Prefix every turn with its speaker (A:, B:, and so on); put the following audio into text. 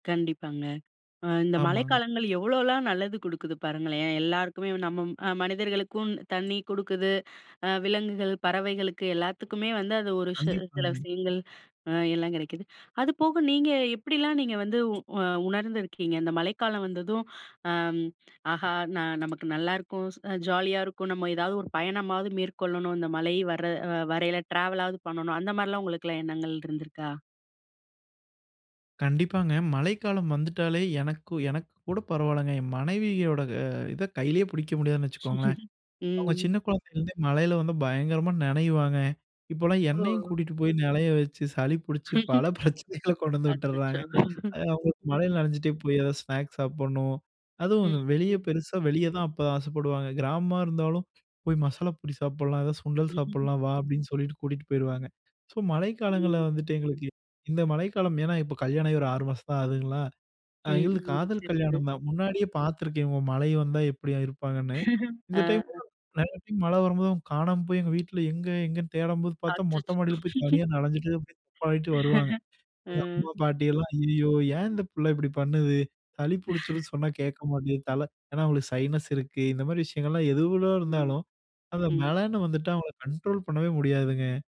A: கண்டிப்பாங்க. அ இந்த
B: ஆமாங்க.
A: மழைக்காலங்கள் எவ்வளோலாம் நல்லது குடுக்குது பாருங்களேன். எல்லாருக்குமே நம்ம ம் மனிதர்களுக்கும் தண்ணி குடுக்குது. அ விலங்குகள், பறவைகளுக்கு எல்லாத்துக்குமே வந்து, அது ஒரு சி சில
B: கண்டிப்பாங்க.
A: விஷயங்கள், அ எல்லாம் கிடைக்குது. அது போக நீங்க எப்படிலாம் நீங்க வந்து அ உ உணர்ந்துருக்கீங்க? இந்த மழைக்காலம் வந்ததும், அ ம் "ஆஹா, நான் நமக்கு நல்லாருக்கும் ச ஜாலியா இருக்கும். நம்ம ஏதாவது ஒரு பயணமாவது மேற்கொள்ளணும்? இந்த மழை வர்ர வரையில ட்ராவலாவது பண்ணணும்." அந்த மாரிலாம் உங்களுக்கெல்லா எண்ணங்கள் இருந்திருக்கா?
B: கண்டிப்பாங்க. மழைக்காலம் வந்துட்டாலே, எனக்கு, எனக்கு கூட பரவாயில்லங்க. என் மனைவியோட இத, கையிலயே பிடிக்க முடியாதுன்னு வச்சுக்கோங்களேன். அவங்க சின்ன
A: ம்.
B: குழந்தைலருந்தே மழையில வந்து பயங்கரமா நனைவாங்க. இப்போலாம் என்னையும்
A: ஓ.
B: கூட்டிகிட்டு போய் நனைய வச்சு, சளி பிடிச்சு, பல பிரச்சனைகள கொண்டு வந்து
A: அச்ச‍ச்சோ!
B: விட்டுடுறாங்க.
A: ம்,
B: அது அவங்களுக்கு மழையில
A: ம்.
B: நனைஞ்சிட்டே போய், எதாவது ஸ்நாக்ஸ் சாப்பிடணும். அதுவும்,
A: ம்,
B: இந்த வெளிய
A: ம்.
B: பெருசா வெளியே தான் அப்ப ஆசைப்படுவாங்க. கிராமமா இருந்தாலும், "போய் மசாலா பொரி சாப்பிடலாம், ஏதாவது சுண்டல் சாப்பிடலாம். வா." அப்படின்னு சொல்லிட்டு கூட்டிட்டு போயிருவாங்க. ஸோ, மழைக்காலங்கள்ல
A: ம்.
B: வந்துட்டு எங்களுக்கு இந்த மழைக்காலம் ஏன்னா, இப்போ கல்யாணம் ஆகி ஒரு 6 மாசம் தான் ஆகுதுங்களா.
A: ம்,
B: எங்களுது
A: ம்,
B: காதல்
A: சரி சார்.
B: கல்யாணம் தான். முன்னாடியே பார்த்துருக்கேன். இவங்க மழை வந்தா எப்பிடி இருப்பாங்கன்னு. இந்த
A: ஆ.
B: டைம்லா நிறைய டைம் மழை வரும்போது, அவங்க காணாம போய், எங்க வீட்ல எங்க? எங்கேன்னு தேடம்போது பார்த்தா, மொட்ட
A: அச்சச்சோ!
B: மாடியில போய் தனியா நஞ்சிட்டு, அப்ப‍டியே தப்பாடிட்டு வருவாங்க. அம்மா,
A: ம்.
B: பாட்டி எல்லாம், "ஐயயோ! ஏன் இந்த பிள்ள இப்பிடி பண்ணுது? சளி புடிச்சிரும் சொன்னா, கேட்க மாட்டேங்குது. தல" ஏன்னா, அவங்களுக்கு சைனஸ் இருக்கு. இந்த மாரி விஷயங்கள்லாம்
A: அ,
B: எது, எவ்வளோ
A: ம்,
B: இருந்தாலும், அந்த
A: ம்.
B: மழன்னு வந்துட்டா, அவங்கள கண்ட்ரோல் பண்ணவே முடியாதுங்க.